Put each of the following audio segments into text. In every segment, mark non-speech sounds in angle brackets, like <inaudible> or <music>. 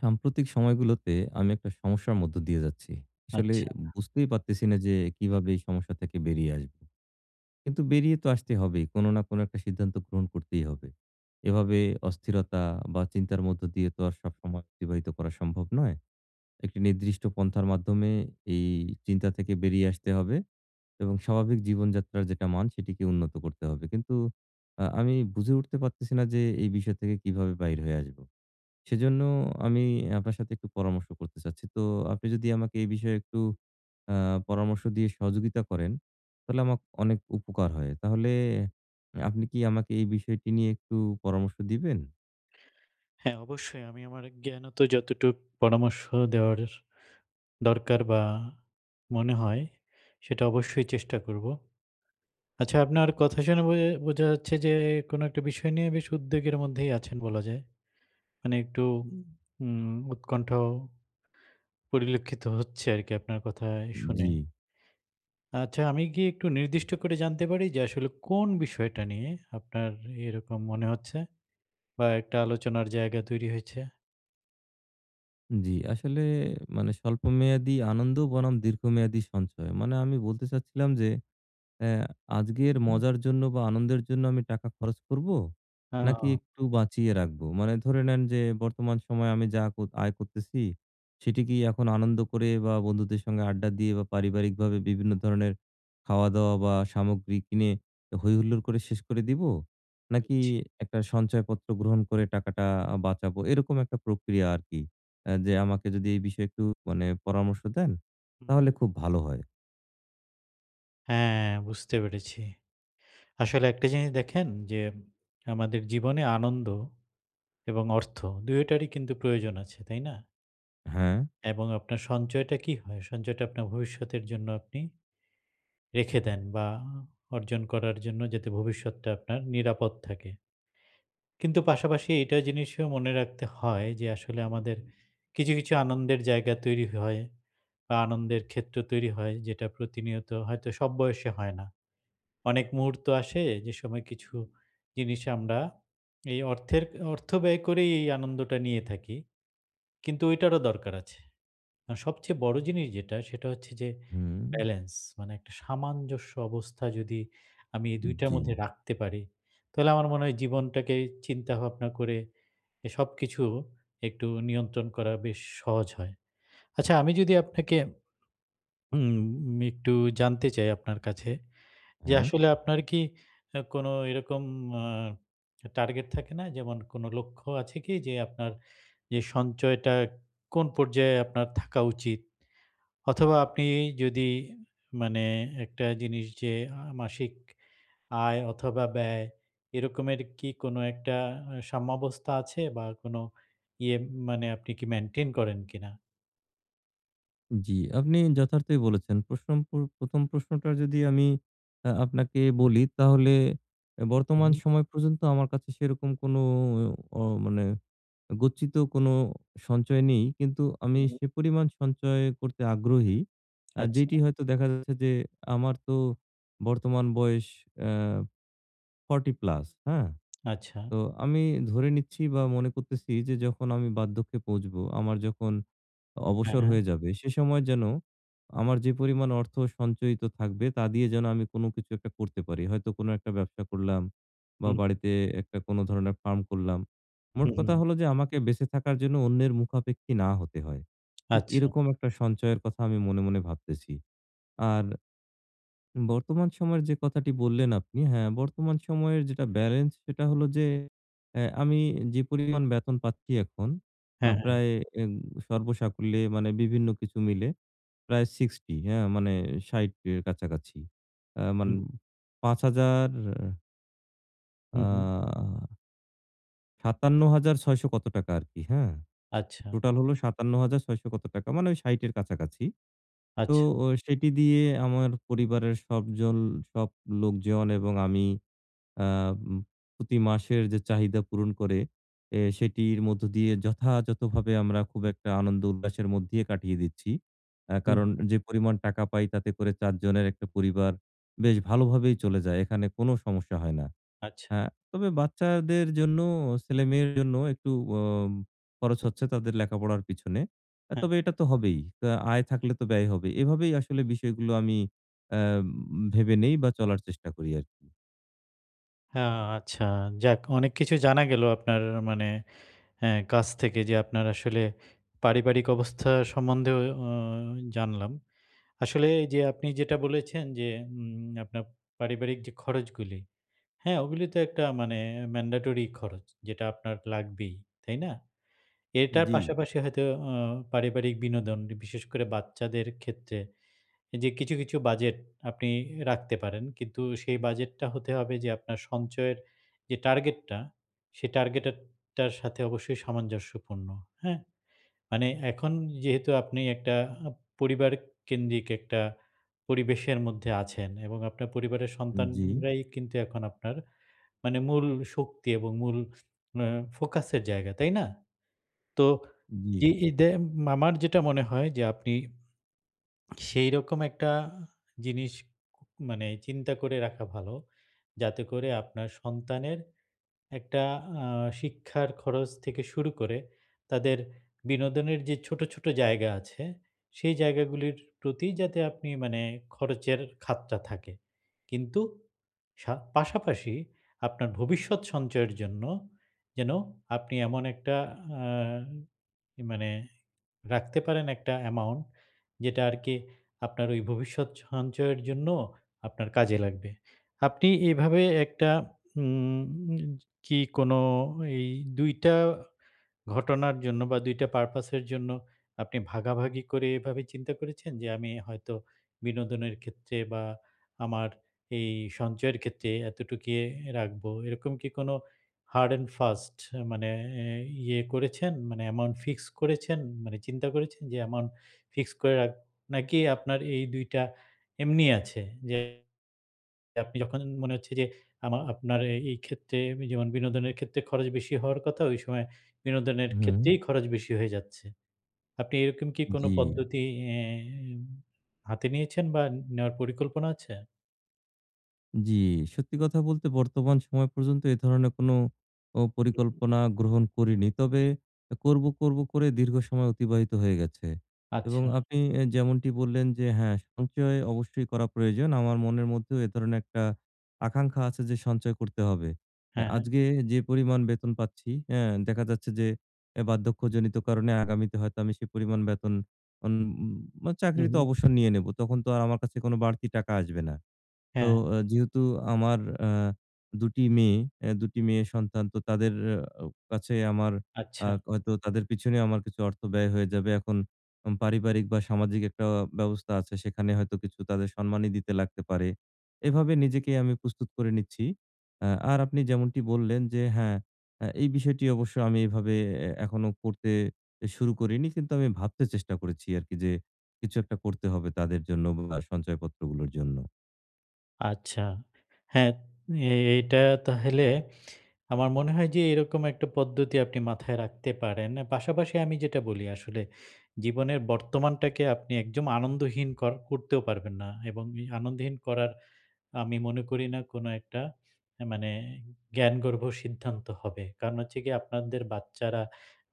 সাম্প্রতিক সময়গুলোতে আমি একটা সমস্যার মধ্য দিয়ে যাচ্ছি। আসলে আচ্ছা। বুঝতেই পারতেছিনা যে কিভাবে এই সমস্যা থেকে বেরিয়ে আসবো? কিন্তু বেরিয়ে তো আসতে হবেই। কোন না কোন একটা সিদ্ধান্ত গ্রহণ করতেই হবে। এভাবে অস্থিরতা বা চিন্তার মধ্য দিয়ে তো আর সবসময় অতিবাহিত করা সম্ভব নয়। একটি নির্দিষ্ট পন্থার মাধ্যমে এই চিন্তা থেকে বেরিয়ে আসতে হবে। এবং স্বাভাবিক জীবনযাত্রার যেটা মান সেটিকে উন্নত করতে হবে। কিন্তু আ আমি বুঝে উঠতে পারতেছি না যে এই বিষয় থেকে কিভাবে বাহির হয়ে আসব? সেজন্য আমি আপনার সাথে একটু পরামর্শ করতে চাচ্ছি। তো আপনি যদি আমাকে এই বিষয়ে একটু আ পরামর্শ দিয়ে সহযোগিতা করেন তাহলে আমাকে অনেক উপকার হয়। তাহলে আপনি কি আমাকে এই বিষয়টি নিয়ে একটু পরামর্শ দিবেন? হ্যাঁ। অবশ্যই আমি আমার জ্ঞানত যতটুক পরামর্শ দেওয়ার দরকার বা মনে হয়, সেটা অবশ্যই চেষ্টা করব। আচ্ছা আপনার কথা শুনে বোয়ে বোঝা যাচ্ছে যে কোনো একটা বিষয় নিয়ে বেশ উদ্বেগের মধ্যেই আছেন বলা যায়। মানে একটু উম উৎকণ্ঠ, পরিলক্ষিত হচ্ছে আরকি আপনার কথায় শুনে। জ্বি। আচ্ছা আমি কি একটু নির্দিষ্ট করে জানতে পারি যে আসলে কোন বিষয়টা নিয়ে আপনার এরকম মনে হচ্ছে? বা একটা আলোচনার জায়গা তৈরি হয়েছে? জি, আসলে মানে স্বল্পমেয়াদী আনন্দ বনাম দীর্ঘমেয়াদী সঞ্চয়, মানে আমি বলতে চাচ্ছিলাম যে, অ্যা আজকের হুম। মজার জন্য বা আনন্দের জন্য আমি টাকা খরচ করবো? হ্যাঁ নাকি ও। একটু বাঁচিয়ে রাখবো? মানে ধরে নেন যে বর্তমান সময়ে আমি যা ক আয় করতেছি, সেটি কী হ্যাঁ। এখন আনন্দ করে বা বন্ধুদের সাথে আড্ডা দিয়ে বা পারিবারিকভাবে বিভিন্ন ধরনের খাওয়া-দাওয়া বা সামগ্রী কিনে হৈহুল্লোড় করে শেষ করে দিবো? নাকি বুঝছি। একটা সঞ্চয়পত্র গ্রহণ করে টাকাটা আ বাঁচাবো? এরকম একটা প্রক্রিয়া আরকি। আ যে আমাকে যদি এই বিষয়ে একটু মানে পরামর্শ দেন হুম, হুম। তাহলে খুব ভালো হয়। হ্যাঁ, বুঝতে পেরেছি। আসলে একটা জিনিস দেখেন যে আমাদের জীবনে আনন্দ এবং অর্থ ২ টারই কিন্তু প্রয়োজন আছে, তাই না? হ্যাঁ। এবং আপনার সঞ্চয়টা কী হয়? সঞ্চয়টা আপনার ভবিষ্যতের জন্য আপনি রেখে দেন বা অর্জন করার জন্যে যাতে ভবিষ্যৎটা আপনার নিরাপদ থাকে। কিন্তু পাশাপাশি এইটা জিনিস মনে রাখতে হয় যে আসলে আমাদের কিছু, কিছু আনন্দের জায়গা তৈরি হয় বা আনন্দের ক্ষেত্র তৈরি হয় যেটা প্রতিনিয়ত হয়তো সব বয়সে হয় না। অনেক মুহূর্ত আসে যে সময় কিছু জিনিস আমরা এই অর্থের, অর্থ ব্যয় করেই এই আনন্দটা নিয়ে থাকি কিন্তু ঐটারও দরকার আছে। আর সবচেয়ে বড় জিনিস যেটা সেটা হচ্ছে যে হুম। ব্যালেন্স মানে একটা সামঞ্জস্য অবস্থা যদি আমি এই হুম দুইটার জি। মধ্যে রাখতে পারি তাহলে আমার মনে হয় জীবনটাকে চিন্তাভাবনা করে এ সবকিছু একটু নিয়ন্ত্রণ করা বেশ সহজ হয়। আচ্ছা আমি যদি আপনাকে উম আমি একটু জানতে চাই আপনার কাছে যে, হ্যাঁ? আসলে আপনার কী আ কোনো এরকম আ টার্গেট থাকে না? যেমন কোনো লক্ষ্য আছে কী? যে আপনার যে সঞ্চয়টা কোন পর্যায়ে আপনার থাকা উচিত? অথবা আপনি যদি মানে একটা জিনিস যে, আ মাসিক আয় অথবা ব্যয় এরকমের কী কোনো একটা আ সম্যাবস্থা আছে বা কোনো ইয়ে মানে আপনি কী maintain করেন কী না? জ্বী, আপনি যথার্থই বলেছেন। প্রশ্ন পূর ১ম প্রশ্নটা যদি আমি আ আপনাকে বলি, তাহলে হু, বর্তমান হু। সময় পর্যন্ত, আমার কাছে সেরকম কোনো অ মানে, গচ্ছিত কোন সঞ্চয় নেই। কিন্তু আমি হু। সে পরিমাণ সঞ্চয় করতে আগ্রহী। আচ্ছা। যেটি হয়তো দেখা যাচ্ছে যে, আমার তো বর্তমান বয়স অ্য 40 প্লাস, হ্যাঁ? আচ্ছা। তো আমি ধরে নিচ্ছি বা মনে করতেছি যে, যখন আমি বাধ্যকে পৌঁছব, আমার যখন হ্যাঁ, অবসর হ্যাঁ। হয়ে যাবে, সে সময় যেন, আমার যে পরিমাণ অর্থ সঞ্চয়িত থাকবে, তা দিয়ে যেন আমি কোন কিছু ১ টা করতে পারি। হয়তো কোনো ১ টা ব্যবসা করলাম বা হু। বাড়িতে ১ টা কোন ধরনের ফার্ম করলাম। হু, মোট কথা হু। হলো যে, আমাকে বেঁচে থাকার জন্য অন্যের মুখাপেক্ষী না হতে হয়। ঠিক আচ্ছা। এরকম ১ টা সঞ্চয়ের কথা আমি মনে, মনে ভাবতেছি। আর। বর্তমান সময়ের যে কথাটি বললেন আপনি, হ্যাঁ, বর্তমান সময়ের যেটা বেলেন্স, সেটা হলো যে, অ্যা আমি যে পরিমাণ বেতন পাচ্ছি এখন, হ্যাঁ, হ্যাঁ। প্রায় এন সর্বসাকুল্যে, মানে বিভিন্ন কিছু মিলে, প্রায় 60 হ্যাঁ? মানে ৬০ এর কাছাকাছি। হ্যাঁ, মানে হু। ৫০০০ হুম, হুম। আ ৫৭৬০০ কত টাকা আরকি। হ্যাঁ? সে আচ্ছা। টোটাল হল ৫৭৬০০ কত টাকা মানে ওই ৬০ এর কাছাকাছি। তো, আচ্ছা। অ সেটি দিয়ে আমার পরিবারের সব জল সব লোকজন এবং আমি আম প্রতি মাসের যে চাহিদা পূরণ করে, এ সেটির মধ্য দিয়ে যথাযথভাবে আমরা <blows air> খুব একটা আনন্দ উল্লাসের মধ্যেই কাটিয়ে দিচ্ছি। আ হু, কারণ, হু। যে পরিমাণ টাকা পাই তাতে করে ৪ জনের একটা পরিবার বেশ ভালোভাবেই চলে যায়। এখানে কোন সমস্যা হয় না। আচ্ছা। হ্যাঁ, তবে বাচ্চাদের জন্য, ছেলেমেয়ের জন্য একটু অম খরচ হচ্ছে তাদের লেখাপড়ার পিছনে। অ্যা হ্যাঁ। তবে এটা তো হবেই। তা আয় থাকলে তো ব্যয় হবেই। এভাবেই আসলে বিষয়গুলো আমি এম ভেবে নেই বা, চলার চেষ্টা করি আরকি। হ্যাঁ। আ আচ্ছা, যাক। অনেক কিছু জানা গেলো আপনার আ মানে হ্যাঁ, কাছ থেকে যে, আপনার আসলে পারিবারিক অবস্থা সম্বন্ধেও আ জানলাম। আসলে যে আপনি যেটা বলেছেন যে, উম আপনার পারিবারিক যে খরচগুলি হ্যাঁ? ওগুলো তো একটা মানে এ mandatory খরচ, যেটা আপনার লাগবেই। তাই না? এটার জ্বী। পাশাপাশি হয়তো আ পারিবারিক বিনোদন ই বিশেষ করে বাচ্চাদের ক্ষেত্রে এ যে কিছু, কিছু বাজেট আপনি এ রাখতে পারেন। কিন্তু সেই বাজেটটা হতে হবে যে আপনার সঞ্চয়ের যে টার্গেট টা, সেই টার্গেটে টার সাথে অবশ্যই সামঞ্জস্যপূর্ণ। হ্যাঁ? মানে এখন যেহেতু আপনি একটা আ পরিবার কেন্দ্রিক একটা পরিবেশের মধ্যে আছেন এবং আপনার পরিবারের জ্বী। সন্তানরাই কিন্তু এখন আপনার মানে মূল শক্তি এবং মূল আ ফোকাসের জায়গা, তাই না? তো জ্বী। এইযে উম মামার যেটা মনে হয় যে, আপনি সেইরকম একটা জিনিস কু মানে চিন্তা করে রাখা ভালো। যাতে করে আপনার সন্তানের একটা আ শিক্ষার খরচ থেকে শুরু করে তাদের বিনোদনের যে ছোট, ছোট জায়গা আছে, সেই জায়গাগুলির প্রতি যাতে আপনি মানে খরচের খাতটা থাকে। কিন্তু সাত পাশাপাশি আপনার ভবিষ্যৎ সঞ্চয়ের জন্য যেন আপনি এমন একটা আ ই মানে রাখতে পারেন একটা অ্যামাউন্ট। যেটা আরকি আপনার ওই ভবিষ্যৎ সঞ্চয়ের জন্য আপনার কাজে লাগবে। আপনি এভাবে একটা উম কি কোন এই ২ টা ঘটনার জন্য বা, ২ টা purpose এর জন্য আপনি ভাগাভাগি করে এভাবে চিন্তা করেছেন? যে, আমি হয়তো বিনোদনের ক্ষেত্রে বা, আমার এই সঞ্চয়ের ক্ষেত্রে এতটুক ইয়ে রাখবো, এরকম কি কোন hard and fast এ মানে এ ইয়ে করেছেন মানে অ্যামাউন্ট ফিক্স করেছেন, মানে চিন্তা করেছেন যে অ্যামাউন্ট ফিক্সড করে রাখ নাকি আপনার এই ২ টা এমনি আছে? যে আপনি যখন মনে হচ্ছে যে, আমার আপনার এ এইক্ষেত্রে যেমন বিনোদনের ক্ষেত্রে খরচ বেশি হওয়ার কথা, ওই সময় বিনোদনের হুম। ক্ষেত্রেই খরচ বেশি হয়ে যাচ্ছে। আপনি এরকম কি কোন জ্বী। পদ্ধতি এম হাতে নিয়েছেন বা, নেওয়ার পরিকল্পনা আছে? জি। সত্যি কথা বলতে, বর্তমান সময় পর্যন্ত এ ধরনের কোন ও পরিকল্পনা গ্রহণ করিনি। তবে অ্যা করবো, করবো করে দীর্ঘ সময় অতিবাহিত হয়ে গেছে এবং আচ্ছা। আপনি এ যেমনটি বললেন যে, হ্যাঁ, সঞ্চয় অবশ্যই করা প্রয়োজন। আমার মনের মধ্যেও এ ধরনের একটা আকাঙ্খা আছে যে সঞ্চয় করতে হবে। এ হ্যাঁ। আজকে এ যে পরিমাণ বেতন পাচ্ছি, হ্যাঁ, দেখা যাচ্ছে যে, এ বার্ধক্যজনিত কারণে আগামীতে হয়তো আমি সেই পরিমাণ বেতন উম উম আ হুম, চাকরিতে হুম। অবসর নিয়ে নেব, তখন তো আর আমার কাছে কোনো বাড়তি টাকা আসবে না। তো, হ্যাঁ। অ্যা যেহেতু আমার আ ২ টি মেয়ে অ্যা ২ টি মেয়ে সন্তান, তো তাদের আও কাছে আমার আ আচ্ছা। হয়তো তাদের পিছনে আমার কিছু অর্থ ব্যয় হয়ে যাবে। এখন হুম পারিবারিক বা, সামাজিক একটা ব্যবস্থা আছে, সেখানে হয়তো কিছু তাদের সম্মানি দিতে লাগতে পারে। হুম। এভাবে নিজেকেই আমি প্রস্তুত করে নিচ্ছি। আ আর আপনি যেমনটি বললেন যে, হ্যাঁ, এ এই বিষয়টি অবশ্য আমি এভাবে এ এখনো করতে এ শুরু করিনি কিন্তু আমি ভাবতে চেষ্টা করেছি আরকি। যে কিছু একটা করতে হবে তাদের জন্য উব বা, সঞ্চয়পত্রগুলোর জন্য। আচ্ছা। হ্যাঁ, এটা তা হইলে আমার মনে হয় যে, এরকম একটা পদ্ধতি আপনি মাথায় রাখতে পারেন। অ্যা পাশাপাশি আমি যেটা বলি আসলে, জীবনের বর্তমানটাকে আপনি একদম আনন্দহীন কর করতেও পারবেন না এবং এই আনন্দহীন করার আমি মনে করি না কোন একটা এ মানে জ্ঞানগর্ভ সিদ্ধান্ত হবে। কারণ হচ্ছে গিয়ে, আপনারদের বাচ্চারা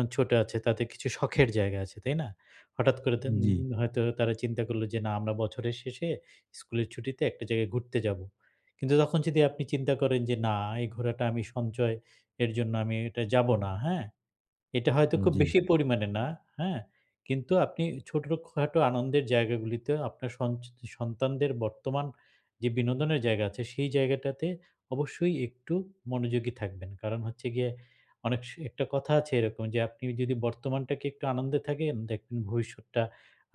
এ ছোট আছে, তাদের কিছু শখের জায়গা আছে, তাই না? হঠাৎ করে তন হুম, উ জি। হয়তো তারা চিন্তা করলো যে, না, আমরা বছরের শেষে, স্কুলের ছুটিতে একটা জায়গায় ঘুরতে যাব। কিন্তু তখন যদি আপনি চিন্তা করেন যে, না, এই ঘোরাটা আমি সঞ্চয়ের জন্য, আমি এটা যাব না। হ্যাঁ? এটা হয়তো হুম, খুব জি। বেশি পরিমাণে না, হ্যাঁ? কিন্তু আপনি ই ছোটখাটো আনন্দের জায়গাগুলিতেও আপনার সঞ্চ সন্তানদের বর্তমান যে বিনোদনের জায়গা আছে, সেই জায়গাটাতে অবশ্যই একটু মনোযোগী থাকবেন। কারণ হচ্ছে গিয়ে, অনেক স একটা কথা আছে এরকম যে, আপনি যদি বর্তমানটাকে একটু আনন্দে থাকেন, দেখবেন ভবিষ্যৎটা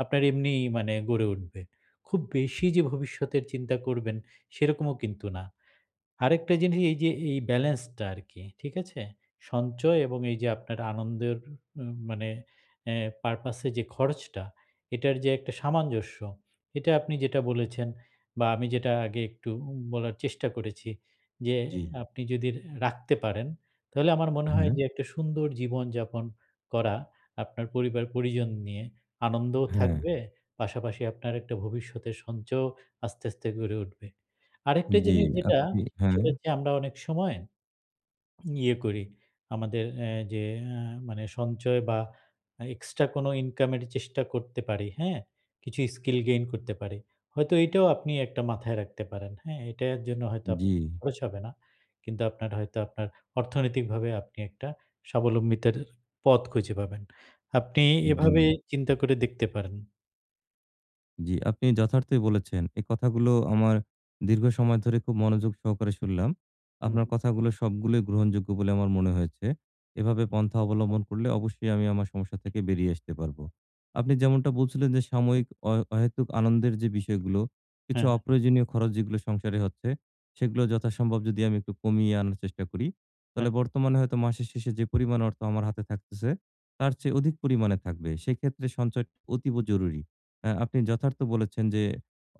আপনার এমনি মানে গড়ে উঠবে। খুব বেশি যে ভবিষ্যতের চিন্তা করবেন, সেরকমও কিন্তু না। আরেকটা জিনিস এইযে এ ব্যালেন্সটা আরকি, ঠিক আছে? সঞ্চয় এবং এইযে আপনার আনন্দের উ মানে অ্যা purpose এ যে খরচটা, এটার যে একটা সামঞ্জস্য, এটা আপনি যেটা বলেছেন বা, আমি যেটা আগে একটু উ বলার চেষ্টা করেছি যে, জি। আপনি যদি রে রাখতে পারেন তাহলে আমার মনে হয় হ্যাঁ। যে একটা সুন্দর জীবনযাপন করা আপনার পরিবার পরিজন নিয়ে। আনন্দও হ্যাঁ। থাকবে, পাশাপাশি আপনার একটা ভবিষ্যতের সঞ্চয়ও আস্তে, আস্তে গড়ে উঠবে। আরেকটা জি, জিনিস যেটা, আপনি হ্যাঁ। সেটা হচ্ছে আমরা অনেক সময় ইয়ে করি। আমাদের অ্যা যে অ্যা মানে সঞ্চয় বা, এক্সট্রা কোন ইনকামের চেষ্টা করতে পারি, হ্যাঁ? কিছু স্কিল gain করতে পারি। হয়তো এটাও আপনি একটা মাথায় রাখতে পারেন, হ্যাঁ? এটা জন্য হয়তো আপ জি। খরচ হবে না। কিন্তু আপনার হয়তো আপনার অর্থনৈতিকভাবে আপনি একটা স্বাবলম্বিতের এ পথ খুঁজে পাবেন, আপনি এভাবে জি। চিন্তা করে দেখতে পারেন। জি, আপনি যথার্থই বলেছেন। এই কথাগুলো আমার দীর্ঘ সময় ধরে খুব মনোযোগ সহকারে শুনলাম। হুম। আপনার কথাগুলো সবগুলোই গ্রহণযোগ্য বলে আমার মনে হয়েছে। এভাবে পন্থা <unintelligible> অবলম্বন করলে অবশ্যই আমি আমার সমস্যা থেকে বেরিয়ে আসতে পারবো। আপনি যেমনটা বলছিলেন যে, সাময়িক অহে অহেতুক আনন্দের যে বিষয়গুলো, কিছু হ্যাঁ, হ্যাঁ। অপ্রয়োজনীয় খরচ যেগুলো সংসারে হচ্ছে, সেগুলো যথাসম্ভব যদি আমি একটু কমিয়ে আনার চেষ্টা করি। তাহলে হ্যাঁ। বর্তমানে হয়তো মাসের শেষে যে পরিমাণ অর্থ আমার হাতে থাকতেছে তার চেয়ে অধিক পরিমাণে থাকবে। সেক্ষেত্রে সঞ্চয় অতীব জরুরী। আ আপনি যথার্থ বলেছেন যে,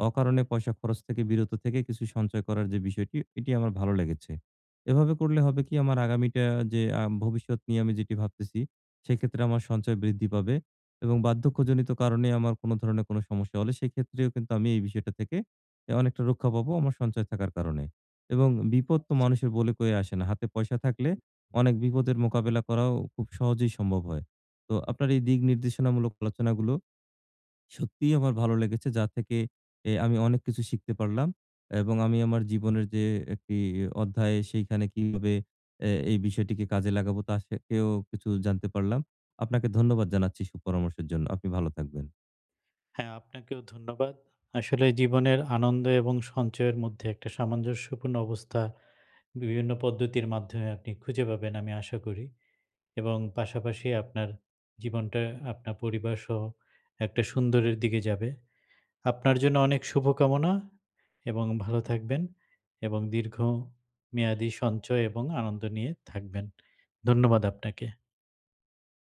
অকারণে পয়সা খরচ থেকে বিরত থেকে কিছু সঞ্চয় করার যে বিষয়টি এটি আমার ভালো লেগেছে। এভাবে করলে হবে কি আমার আগামীটা যে, আ ভবিষ্যৎ নিয়ে আমি যেটি ভাবতেছি সেক্ষেত্রে আমার সঞ্চয় বৃদ্ধি পাবে এবং বার্ধক্যজনিত কারণে আমার কোন ধরনের কোন সমস্যা হলে সেক্ষেত্রেও কিন্তু আমি এই বিষয়টা থেকে এ অনেকটা রক্ষা পাবো আমার সঞ্চয় থাকার কারণে এবং বিপদ তো মানুষের বলে কয়ে আসে না। হাতে পয়সা থাকলে অনেক বিপদের মোকাবিলা করাও খুব সহজেই সম্ভব হয়। তো আপনার এই দিক নির্দেশনামূলক আলোচনাগুলো সত্যিই আমার ভালো লেগেছে যা থেকে এ আমি অনেক কিছু শিখতে পারলাম এবং আমি আমার জীবনের যে একটি অধ্যায় সেইখানে কিভাবে এ এই বিষয়টিকে কাজে লাগাবো তা থেকেও কিছু জানতে পারলাম। আপনাকে ধন্যবাদ জানাচ্ছি সুপরামর্শের জন্য। আপনি ভালো থাকবেন। হ্যাঁ, আপনাকেও ধন্যবাদ। আসলে জীবনের আনন্দ এবং সঞ্চয়ের মধ্যে একটা সামঞ্জস্যপূর্ণ অবস্থা, বিভিন্ন পদ্ধতির মাধ্যমে আপনি খুঁজে পাবেন আমি আশা করি এবং পাশাপাশি আপনার জীবনটা আপনার পরিবারসহ একটা সুন্দরের দিকে যাবে। আপনার জন্য অনেক শুভকামনা এবং ভালো থাকবেন এবং দীর্ঘ মেয়াদী সঞ্চয় এবং আনন্দ নিয়ে থাকবেন, ধন্যবাদ আপনাকে।